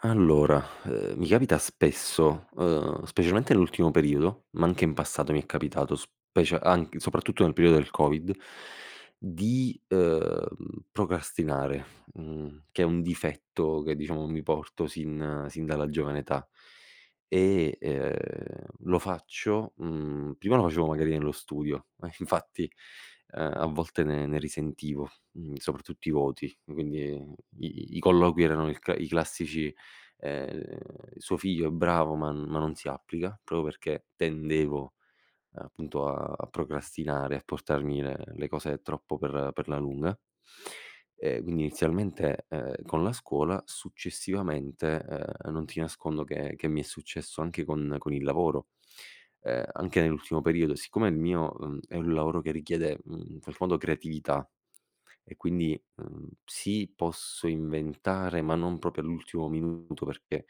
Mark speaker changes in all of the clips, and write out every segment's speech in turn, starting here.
Speaker 1: Allora, ehm, mi capita spesso, ehm, specialmente nell'ultimo periodo, ma anche in passato mi è capitato specia anc soprattutto nel periodo del Covid, di ,ehm, procrastinare, mhmm, che è un difetto che diciamo mi porto sin sin dalla giovane età. E, ehm, lo faccio, mhmm prima lo facevo magari nello studio, ma infatti, ehm, a volte ne ne risentivo, mhmm, soprattutto i voti, quindi i i i colloqui erano il c i classici, ehm, "suo figlio è bravo ma n ma non si applica" proprio perché tendevo, appunto a a procrastinare e a portarmi le cose troppo per per la lunga, ehm, quindi inizialmente, ehm, con la scuola, successivamente, ehm, non ti nascondo che che mi è successo anche con con il lavoro. Ehm, anche nell'ultimo periodo, siccome il mio, mhmm, è un lavoro che richiede, mhmm, in qualche modo creatività e quindi, uhm, sì, posso inventare, ma non proprio all'ultimo minuto perché,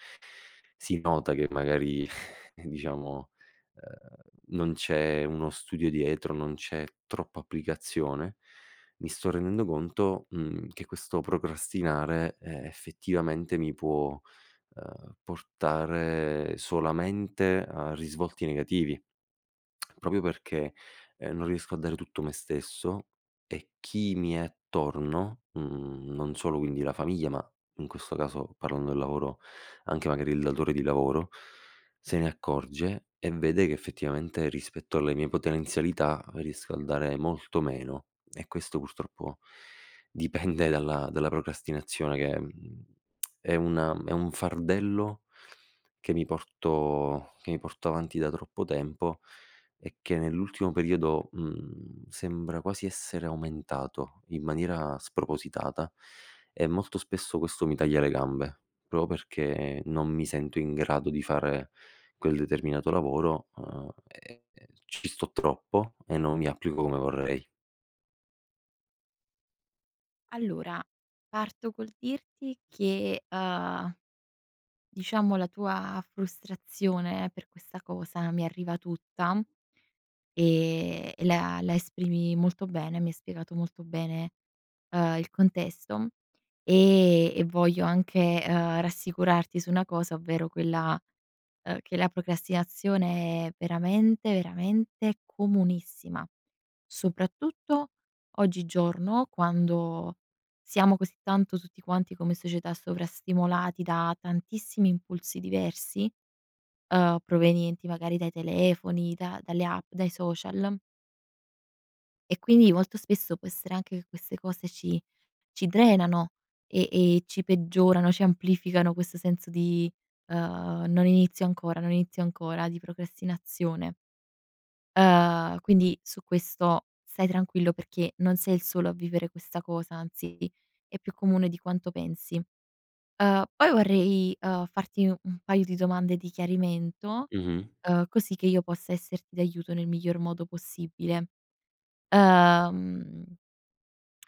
Speaker 1: si nota che magari diciamo, ehm, non c'è uno studio dietro, non c'è troppa applicazione. Mi sto rendendo conto, mhmm, che questo procrastinare, ehm, effettivamente mi può, ehm, portare solamente a risvolti negativi. Proprio perché, ehm, non riesco a dare tutto me stesso, e chi mi è attorno, mhmm, non solo quindi la famiglia, ma in questo caso parlando del lavoro, anche magari il datore di lavoro, se ne accorge e vede che effettivamente rispetto alle mie potenzialità riesco a dare molto meno. E questo purtroppo dipende dalla dalla procrastinazione che, mhmm, è una è un fardello, che mi porto che mi porto avanti da troppo tempo e che nell'ultimo periodo, mhmm, sembra quasi essere aumentato in maniera spropositata e molto spesso questo mi taglia le gambe, proprio perché non mi sento in grado di fare quel determinato lavoro, uhm, e e ci sto troppo e non mi applico come vorrei.
Speaker 2: Allora, parto col dirti che uhm, diciamo la tua frustrazione per questa cosa mi arriva tutta. Ehm, la la esprimi molto bene, mi hai spiegato molto bene, ehm, il contesto, e e voglio anche, uhm, rassicurarti su una cosa, ovvero quella, uhm, che la procrastinazione è veramente, veramente comunissima, soprattutto oggigiorno, quando, siamo così tanto, tutti quanti come società sovrastimolati da tantissimi impulsi diversi, uhm, provenienti magari dai telefoni da dalle app, dai social e quindi, molto spesso può essere anche che queste cose ci ci drenano e e ci peggiorano, ci amplificano questo senso di, ehm non inizio ancora non inizio ancora di procrastinazione. Uhm, quindi su questo stai tranquillo perché, non sei il solo a vivere questa cosa. Anzi, è più comune di quanto pensi. Uhm, poi vorrei, ehm, farti un paio di domande di chiarimento
Speaker 1: Mh-mh.
Speaker 2: uhm, così che io possa esserti d'aiuto nel miglior modo possibile. Uhm,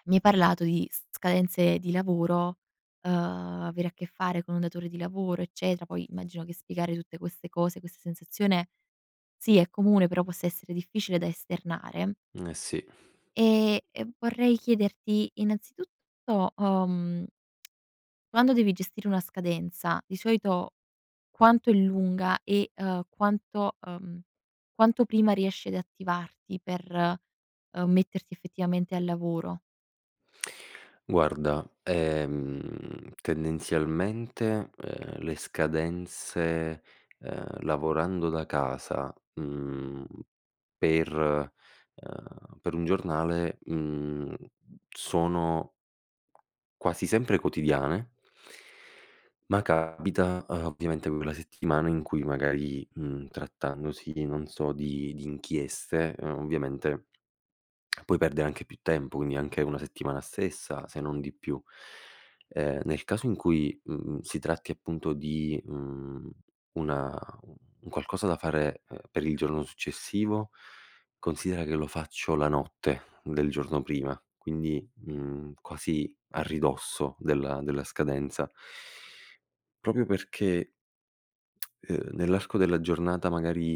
Speaker 2: mi hai parlato di s scadenze di lavoro, uhm, avere a che fare con un datore di lavoro, eccetera; poi, immagino che spiegare tutte queste cose, questa sensazione sì, è comune, però possa essere difficile da esternare.
Speaker 1: Eh sì.
Speaker 2: Ehm, e vorrei chiederti innanzitutto, uhm quando devi gestire una scadenza, di solito quanto è lunga, e ehm quanto, uhm, quanto prima riesci ad attivarti per, uhm, metterti effettivamente al lavoro?
Speaker 1: Guarda, ehm, tendenzialmente, uhm, le scadenze, uhm, lavorando da casa, mhmm, per uhm, per un giornale, mhmm, sono quasi sempre quotidiane ma capita, uhm, ovviamente quella settimana in cui magari, mhmm, trattandosi di non so, di di inchieste, uhm, ovviamente puoi perdere anche più tempo, quindi anche una settimana stessa, se non di più. Ehm, nel caso in cui, mhmm, si tratti appunto di, mhmm, una un qualcosa da fare, uhm, per il giorno successivo, considera che lo faccio la notte del giorno prima, quindi, mhmm, quasi a ridosso della della scadenza. Proprio perché, ehm, nell'arco della giornata magari,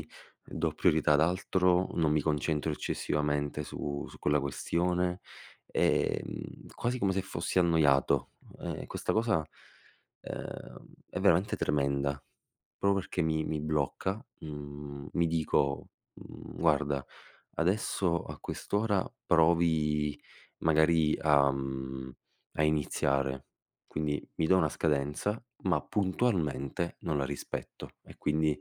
Speaker 1: mhmm, do priorità ad altro, non mi concentro eccessivamente su su quella questione, ehm, quasi come se fossi annoiato. Uhm, e e questa cosa, uhm, è veramente tremenda. Proprio perché mi mi blocca, mhmm, mi dico, mhmm: "Guarda adesso a quest'ora provi magari a mhmm, a iniziare." Quindi mi do una scadenza, ma puntualmente non la rispetto. E quindi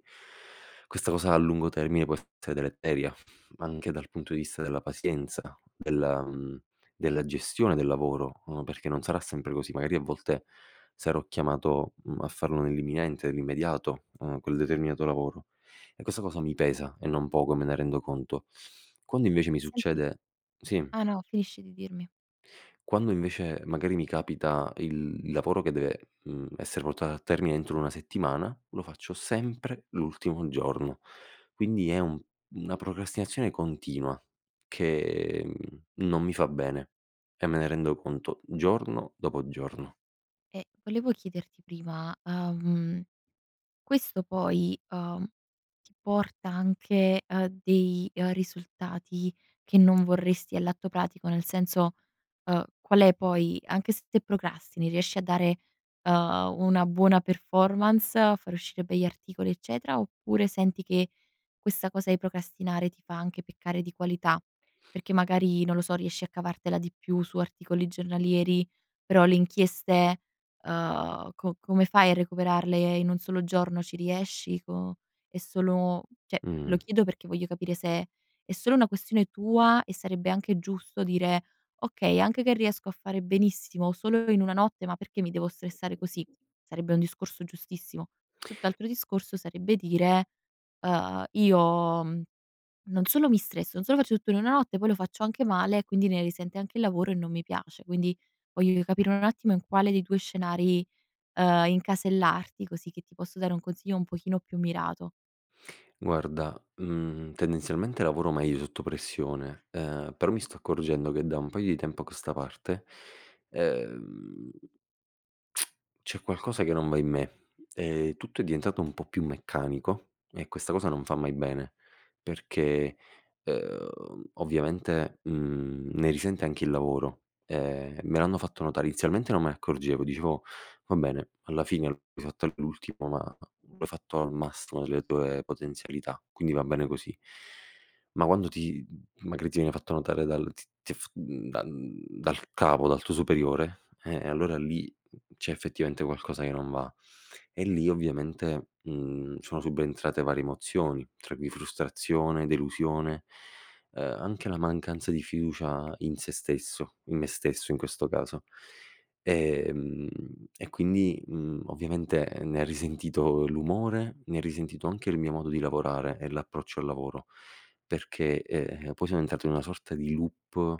Speaker 1: questa cosa a lungo termine può essere deleteria, anche dal punto di vista della pazienza, della mhmm, della gestione del lavoro, uhm, perché non sarà sempre così, magari a volte sarò chiamato, mhmm, a farlo nell'imminente, nell'immediato, mhmm, quel determinato lavoro. E questa cosa mi pesa e non poco me ne rendo conto. Quando invece mi
Speaker 2: Senti
Speaker 1: succede sì.
Speaker 2: Ah, no, finisci di dirmi.
Speaker 1: Quando invece, magari mi capita il il lavoro che deve, mhmm, essere portato a termine entro una settimana, lo faccio sempre l'ultimo giorno. Quindi, è un una procrastinazione continua che, mhmm, non mi fa bene, e me ne rendo conto giorno dopo giorno.
Speaker 2: E volevo chiederti prima, ahm, questo poi, uhm, ti porta anche a dei, ehm, risultati che non vorresti all'atto pratico? Nel senso, ehm, qual è poi anche se te procrastini, riesci a dare, uhm, una buona performance, a far uscire begli articoli, eccetera. Oppure, senti che, questa cosa di procrastinare ti fa anche peccare di qualità? Perché magari non lo so, riesci a cavartela di più su articoli giornalieri, però le inchieste, uhm co come fai a recuperarle in un solo giorno? Ci riesci co è solo, cioè lo
Speaker 1: Mh.
Speaker 2: chiedo perché voglio capire se è solo una questione tua, e sarebbe anche giusto dire: "Okay, anche che riesco a fare benissimo solo in una notte, ma perché mi devo stressare così?" Sarebbe un discorso giustissimo. Tutt'altro discorso sarebbe dire, uhm: "Io" mhmm: "Non solo mi stresso, non solo faccio tutto in una notte, poi lo faccio anche male e quindi, ne risente anche il lavoro e non mi piace." Quindi, voglio capire un attimo in quale dei 2 scenari, uhm, incasellarti, così che ti posso dare un consiglio un pochino più mirato.
Speaker 1: Guarda, mhmm, tendenzialmente lavoro meglio sotto pressione, ehm, però mi sto accorgendo che da un paio di tempo a questa parte, e ehm, c'è qualcosa che non va in me. Ehm, tutto è diventato un po' più meccanico e questa cosa non fa mai bene, perché, ehm, ovviamente, mhmm, ne risente anche il lavoro. Ehm, me l'hanno fatto notare, inizialmente non me ne accorgevo, dicevo: "Va bene, alla fine l'hai fatto all'ultimo ma l'ho fatto al massimo delle tue potenzialità, quindi va bene così". Ma quando ti m magari ti viene fatto notare dal t t f mhmm, dal dal capo dal tuo superiore; eh, allora lì c'è effettivamente qualcosa che non va. E lì ovviamente, mhmm, sono subentrate varie emozioni, tra cui frustrazione, delusione, ehm, anche la mancanza di fiducia in sé stesso, in me stesso in questo caso. Ehm, e quindi, mhmm, ovviamente ne ha risentito l'umore, ne ha risentito anche il mio modo di lavorare e l'approccio al lavoro, perché, ehm, poi sono entrato in una sorta di loop,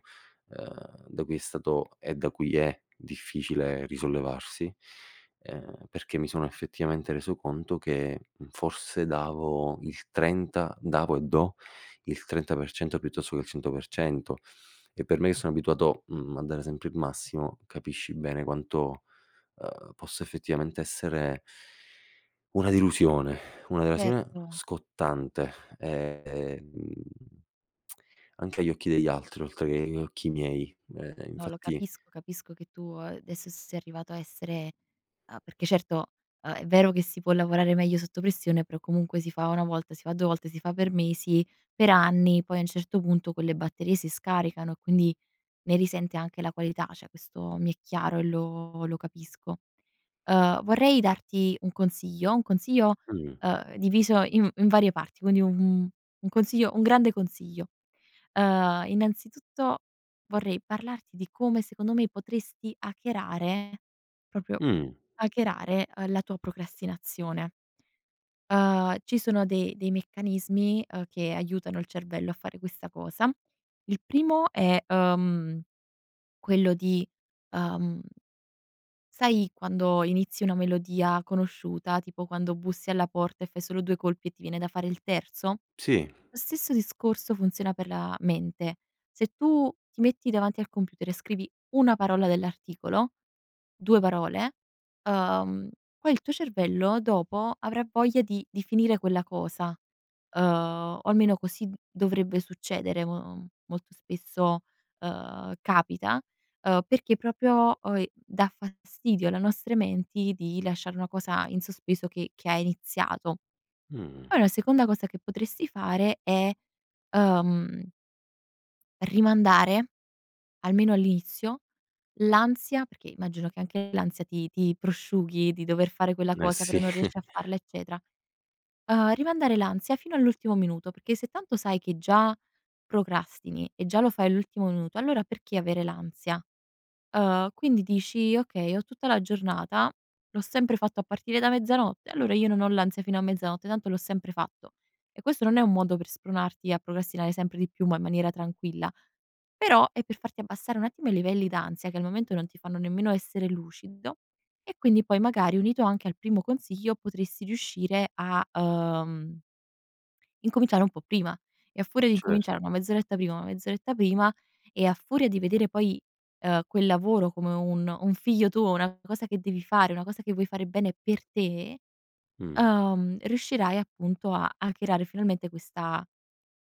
Speaker 1: ehm, da cui è stato e da cui è difficile risollevarsi, ehm, perché mi sono effettivamente reso conto che forse davo il 30 davo e do il 30% piuttosto che il 100%; e per me che sono abituato, mhmm, a dare sempre il massimo, capisci bene quanto, ehm, posso effettivamente essere una delusione, una delusione
Speaker 2: Certo.
Speaker 1: scottante. Ehm, anche agli occhi degli altri, oltre che agli occhi miei. Eh,
Speaker 2: No, lo
Speaker 1: infatti
Speaker 2: capisco, capisco che tu, ehm, adesso sei arrivato a essere a perché certo, uhm, è vero che si può lavorare meglio sotto pressione, però comunque si fa una volta, si fa 2 volte, si fa per mesi, per anni, poi a un certo punto quelle batterie si scaricano, quindi ne risente anche la qualità. Cioè, questo mi è chiaro e lo lo capisco. Ehm, vorrei darti un consiglio, un consiglio,
Speaker 1: Mh.
Speaker 2: ehm, diviso in in varie parti; quindi un un un consiglio un grande consiglio. Ehm, innanzitutto vorrei parlarti di come, secondo me, potresti hackerare, proprio
Speaker 1: Mh.
Speaker 2: hackerare, uhm, la tua procrastinazione. Ehm, ci sono de dei meccanismi, ehm, che aiutano il cervello a fare questa cosa. Il primo è, ehm, quello di, ehm sai quando inizi una melodia conosciuta, tipo quando bussi alla porta e fai solo 2 colpi e ti viene da fare il terzo?
Speaker 1: Sì.
Speaker 2: Lo stesso discorso funziona per la mente: se tu ti metti davanti al computer e scrivi una parola dell'articolo, 2 parole, ehm, poi il tuo cervello dopo avrà voglia di di finire quella cosa, ehm, o almeno così d dovrebbe succedere mo molto spesso. Ehm, capita, ehm, perché proprio oi dà fastidio alle nostre menti di lasciare una cosa in sospeso che che ha iniziato.
Speaker 1: Mh.
Speaker 2: Poi la seconda cosa che potresti fare è, ehm rimandare, almeno all'inizio, l'ansia, perché immagino che anche l'ansia ti ti prosciughi di dover fare quella
Speaker 1: Eh
Speaker 2: cosa, però
Speaker 1: sì
Speaker 2: non riesci a farla, eccetera; ehm, rimandare l'ansia fino all'ultimo minuto, perché se tanto sai che già procrastini e già lo fai all'ultimo minuto, allora perché avere l'ansia? Ehm, quindi dici: "Okay, ho tutta la giornata, l'ho sempre fatto a partire da mezzanotte, allora io non ho l'ansia fino a mezzanotte, tanto l'ho sempre fatto". E questo non è un modo per spronarti a procrastinare sempre di più, ma in maniera tranquilla; però è per farti abbassare un attimo i livelli d'ansia che al momento non ti fanno nemmeno essere lucido, e quindi poi magari unito anche al primo consiglio, potresti riuscire a, ehm incominciare un po' prima, e a furia di
Speaker 1: Certo.
Speaker 2: incominciare 1 mezz'oretta prima 1 mezz'oretta prima, e a furia di vedere poi, ehm, quel lavoro come un un figlio tuo, una cosa che devi fare, una cosa che vuoi fare bene per te,
Speaker 1: Mh.
Speaker 2: ehm, riuscirai appunto a hackerare finalmente questa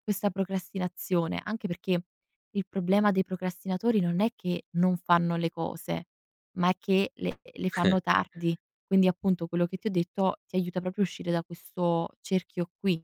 Speaker 2: questa procrastinazione. Anche perché il problema dei procrastinatori non è che non fanno le cose, ma è che le le
Speaker 1: Eh.
Speaker 2: fanno tardi. Quindi appunto, quello che ti ho detto ti aiuta proprio a uscire da questo cerchio qui.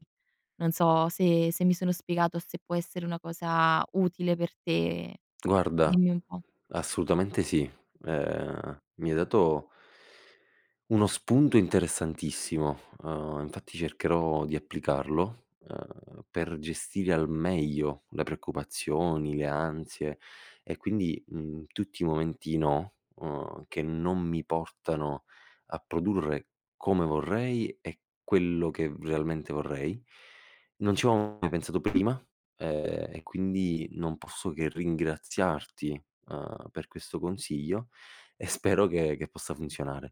Speaker 2: Non so se se mi sono spiegato, se può essere una cosa utile per te.
Speaker 1: Guarda,
Speaker 2: Dimmi un po'.
Speaker 1: assolutamente sì. Ehm, mi hai dato, uno spunto interessantissimo. Ehm, infatti cercherò di applicarlo, ehm, per gestire al meglio le preoccupazioni, le ansie e quindi, mhmm, tutti i momenti "no", uhm, che non mi portano a produrre come vorrei e quello che realmente vorrei. Non ci avevo mai pensato prima, ehm, e quindi non posso che ringraziarti, ehm, per questo consiglio e spero che che possa funzionare.